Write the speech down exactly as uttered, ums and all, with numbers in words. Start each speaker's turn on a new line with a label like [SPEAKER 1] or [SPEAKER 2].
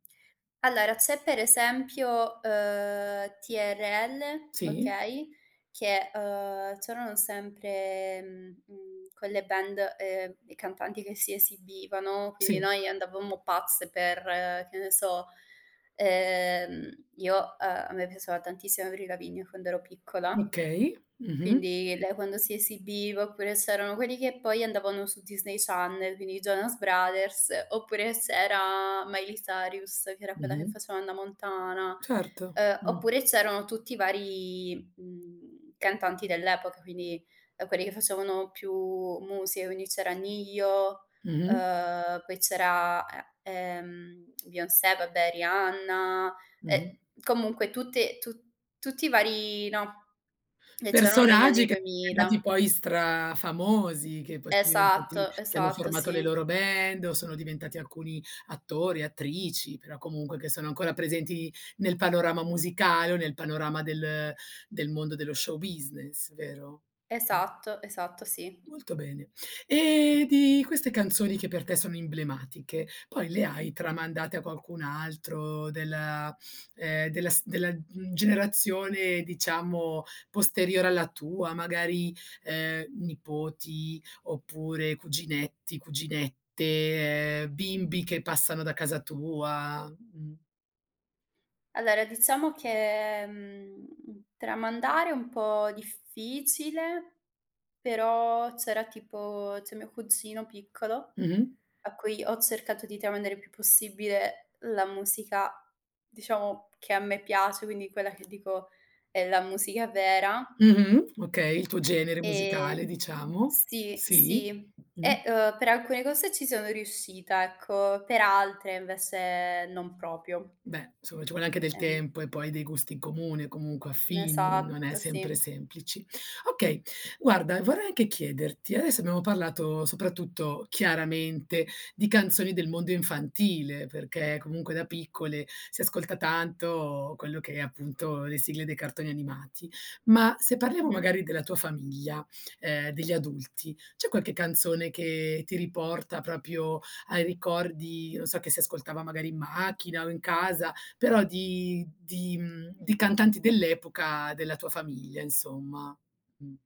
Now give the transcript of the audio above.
[SPEAKER 1] Allora, c'è per esempio, uhm, TRL,
[SPEAKER 2] Sì.
[SPEAKER 1] okay, che, ehm, c'erano sempre, mhmm, mhmm, quelle band, ehm, e cantanti che si esibivano, quindi
[SPEAKER 2] Sì.
[SPEAKER 1] noi andavamo pazze per, che ne so, ehm, io uhm, a me piaceva tantissimo Avril Lavigne quando ero piccola.
[SPEAKER 2] Okay, mh-mh.
[SPEAKER 1] Quindi lei quando si esibiva oppure c'erano quelli che poi andavano su Disney Channel, quindi i Jonas Brothers, oppure c'era Miley sarius, che era quella che
[SPEAKER 2] Mh-mh.
[SPEAKER 1] faceva Hannah Montana.
[SPEAKER 2] Certo.
[SPEAKER 1] Uhm,
[SPEAKER 2] Mh.
[SPEAKER 1] oppure c'erano tutti i vari, mhmm, cantanti dell'epoca, quindi, ehm, quelli che facevano più musica, quindi c'era Ne-Yo,
[SPEAKER 2] Mh-mh.
[SPEAKER 1] ehm, poi c'era e ehm, Beyoncé, vabbè Rihanna,
[SPEAKER 2] Mh-mh.
[SPEAKER 1] e comunque tutte tu tutti i vari no, che c'erano negli
[SPEAKER 2] Personaggi
[SPEAKER 1] anni
[SPEAKER 2] che diventati
[SPEAKER 1] duemila.
[SPEAKER 2] poi strafamosi, che poi son diventati
[SPEAKER 1] Esatto,
[SPEAKER 2] che hanno
[SPEAKER 1] esatto,
[SPEAKER 2] formato le
[SPEAKER 1] sì.
[SPEAKER 2] loro band o sono diventati alcuni attori, attrici, però comunque che sono ancora presenti nel panorama musicale o nel panorama del del mondo dello show business, vero? Mh.
[SPEAKER 1] Esatto, esatto, sì.
[SPEAKER 2] Molto bene. Ehm, di queste canzoni che per te sono imblematiche poi le hai tramandate a qualcun altro della ehm, della st della, mhmm, generazione, diciamo, posteriore alla tua, magari, ehm, nipoti oppure cuginetti, cuginette, ehm, bimbi che passano da casa tua? Mh.
[SPEAKER 1] Allora, diciamo che, mhmm, tramandare è un po' difficile, però c'era tipo c'è mio cugino piccolo
[SPEAKER 2] Mh-mh.
[SPEAKER 1] a cui ho cercato di tramandare il più possibile la musica, diciamo, che a me piace, quindi quella che dico: "È la musica vera."
[SPEAKER 2] Mh-mh, okay, il tuo genere
[SPEAKER 1] Ehm
[SPEAKER 2] musicale diciamo
[SPEAKER 1] sì,
[SPEAKER 2] sì.
[SPEAKER 1] sì.
[SPEAKER 2] Mh, mh.
[SPEAKER 1] E, uhm, per alcune cose ci sono riuscita, ecco, per altre invece non propio.
[SPEAKER 2] Beh insomma ci vuole anche del
[SPEAKER 1] Eh
[SPEAKER 2] tempo e poi dei gusti in comune, comunque affini, non è
[SPEAKER 1] Esatto,
[SPEAKER 2] sempre
[SPEAKER 1] sì.
[SPEAKER 2] semplice. Okay guarda vorrei anche chiederti, adesso abbiamo parlato soprattutto chiaramente di canzoni del mondo infantile perché comunque da piccole si ascolta tanto quello che è appunto le sigle dei cartoni animati. Ma se parliamo
[SPEAKER 1] Mh-mh.
[SPEAKER 2] magari della tua famiglia, ehm, degli adulti, c'è qualche canzone che ti riporta proprio ai ricordi, non so che si ascoltava magari in macchina o in casa, però di di, mhmm, di cantanti dell'epoca della tua famiglia insomma? Mh.